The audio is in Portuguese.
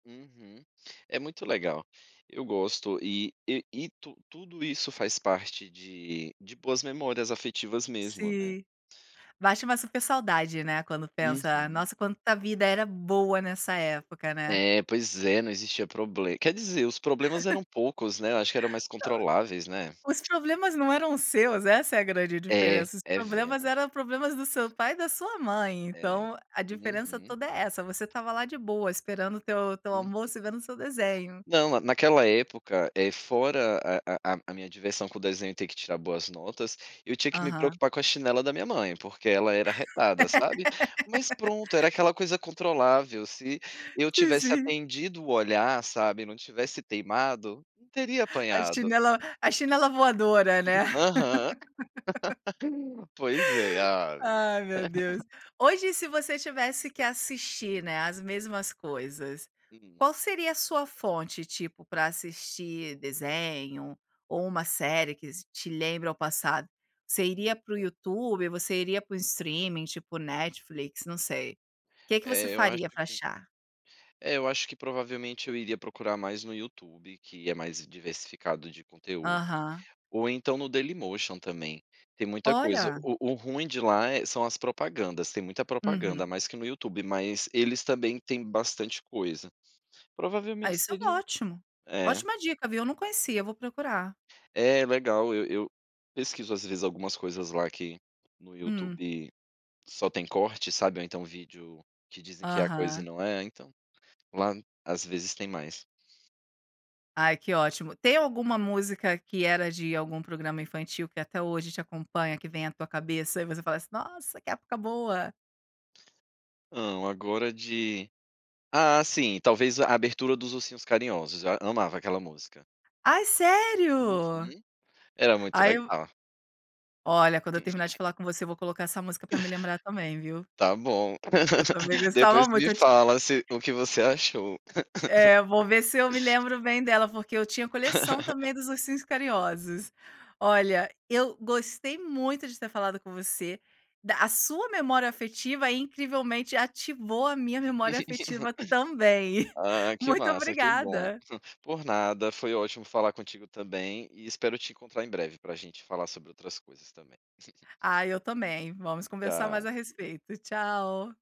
Uhum. É muito legal. Eu gosto e e e tu tudo isso, faz parte de de boas memórias afetivas mesmo, né? Sim, bate uma super saudade não é, quando pensa, Uhum. nossa quanta vida era boa nessa época, né? É, pois é, não existia problema quer dizer, os problemas eram poucos, né, eu acho que eram mais Não, controláveis, né? os problemas não eram seus, essa é a grande É, diferença, os é problemas, vero. eram problemas do seu pai e da sua mãe, É, então a diferença uhum. toda é essa. Você estava lá, de boa esperando o teu teu Uhum. almoço, e vendo o seu desenho. Não, na naquela época, é, fora a a a a minha diversão com desenho, e ter que tirar boas notas, eu tinha que me Aham. preocupar com a chinela da minha mãe, porque ela era arretada, sabe. Mas pronto, era aquela coisa controlável, se eu Sim, tivesse sim. atendido o olhar, sabe, não tivesse teimado, não teria A apanhado. chinela, a chinela é voadora, não é? Aham. Pois é, ave. Ai meu Deus, hoje se você tivesse que assistir, não é, as mesmas coisas, Hum. qual seria a sua fonte, tipo, para assistir desenho, ou uma série que te lembra ao passado, você iria para o Então. YouTube, ou você iria para um streaming tipo Netflix, não sei, que que você É, eu acho faria para que achar? é eu acho que, provavelmente eu iria procurar mais no YouTube, que é mais diversificado de conteúdo, Aham. ou então, no Dailymotion também, tem muita coisa. Olha. O o ruim de lá é são as propagandas, tem muita propaganda, Uhum. mais que no YouTube, mas eles também têm bastante coisa, Aí provavelmente isso é seria ótimo, é. ótima dica viu, eu não conhecia, eu vou procurar. É legal, eu eu pesquiso às vezes, algumas coisas lá que, no Hum. YouTube, só tem corte, sabe, ou então vídeo que dizem que é a coisa e Aham. não é, então, lá às vezes tem mais. Ai que ótimo, tem alguma música, que era de algum programa infantil, que até hoje te acompanha? Que vem à tua cabeça e você fala assim: "Nossa que época boa". Não, agora de ah sim, talvez a abertura dos Ursinhos Carinhosos, a amava aquela música. Ai Uhum, sério? era muito Ai legal. Olha, quando eu terminar de falar com você, eu vou colocar essa música, para me lembrar também viu? Tá bom, Eu também gostava Depois muito, me eu ti fala se o que você achou. É, vou ver se eu me lembro bem dela, porque eu tinha coleção também, dos ursinhos carinhosos. Olha, eu gostei muito de ter falado com você, da a sua memória afetiva, incrivelmente ativou a minha memória afetiva também. Ah que Muito massa, que bom. obrigada. Por nada, foi ótimo falar contigo também, e espero te encontrar em breve, para gente falar sobre outras coisas também. Ah eu também, vamos conversar mais Tchau. a respeito, tchau.